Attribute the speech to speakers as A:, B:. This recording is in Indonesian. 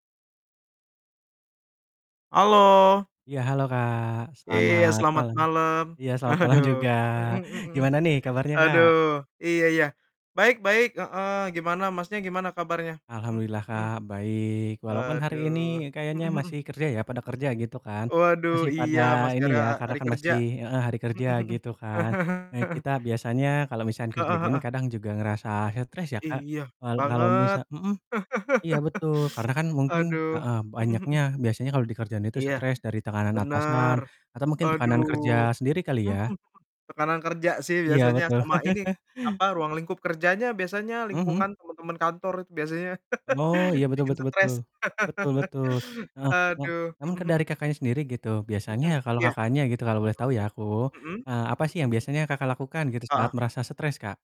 A: Halo.
B: Iya, halo Kak,
A: Iya,
B: selamat
A: selamat
B: malam.
A: malam.
B: Iya, selamat malam
A: Aduh.
B: juga.
A: Mhm, mm mmm.
B: Gimana nih kabarnya, Kak?
A: Aduh, iya iya. Baik baik, heeh. Gimana, Masnya, gimana kabarnya?
B: Alhamdulillah
A: Mhm.
B: Kak, baik, walaupun hari
A: Aduh.
B: ini kayaknya
A: Mhm mhm.
B: masih kerja ya, pada kerja gitu kan?
A: Waduh,
B: Masih pada
A: iya masih
B: ini
A: ada
B: ya,
A: ha
B: karena
A: hari
B: kan
A: kerja.
B: masih heeh, hari
A: Mhm
B: kerja gitu
A: mhm.
B: kan. Nah, kita biasanya kalau misalkan kerja
A: Heeh
B: gini
A: heeh.
B: kadang juga ngerasa stres ya, Kak?
A: Iya,
B: Wal kalau misa
A: banget.
B: mhm, iya betul karena kan mungkin
A: Aduh.
B: heeh,
A: Mhm mhm.
B: banyaknya biasanya kalau di kerjaan itu
A: Iya,
B: stres dari tekanan atasan,
A: benar.
B: atau mungkin tekanan
A: Aduh.
B: kerja sendiri kali
A: Mhm
B: ya?
A: mhm, tekanan kerja sih
B: Iya
A: biasanya
B: betul.
A: sama ini, apa, ruang lingkup kerjanya biasanya,
B: Mhm.
A: lingkungan, teman-teman kantor, itu biasanya
B: Oh, iya betul
A: bikin
B: betul betul,
A: stres.
B: betul betul. Heeh, e
A: Aduh.
B: emang
A: Mhm
B: ke
A: mhm.
B: dari Kakaknya sendiri gitu, biasanya
A: Mhm,
B: kalau
A: iya.
B: Kakaknya gitu kalau boleh tahu ya
A: Baik.
B: aku,
A: Mhm?
B: eee, apa sih
A: Mhm.
B: yang biasanya Kakak lakukan gitu saat
A: Heeh.
B: merasa stres, Kak?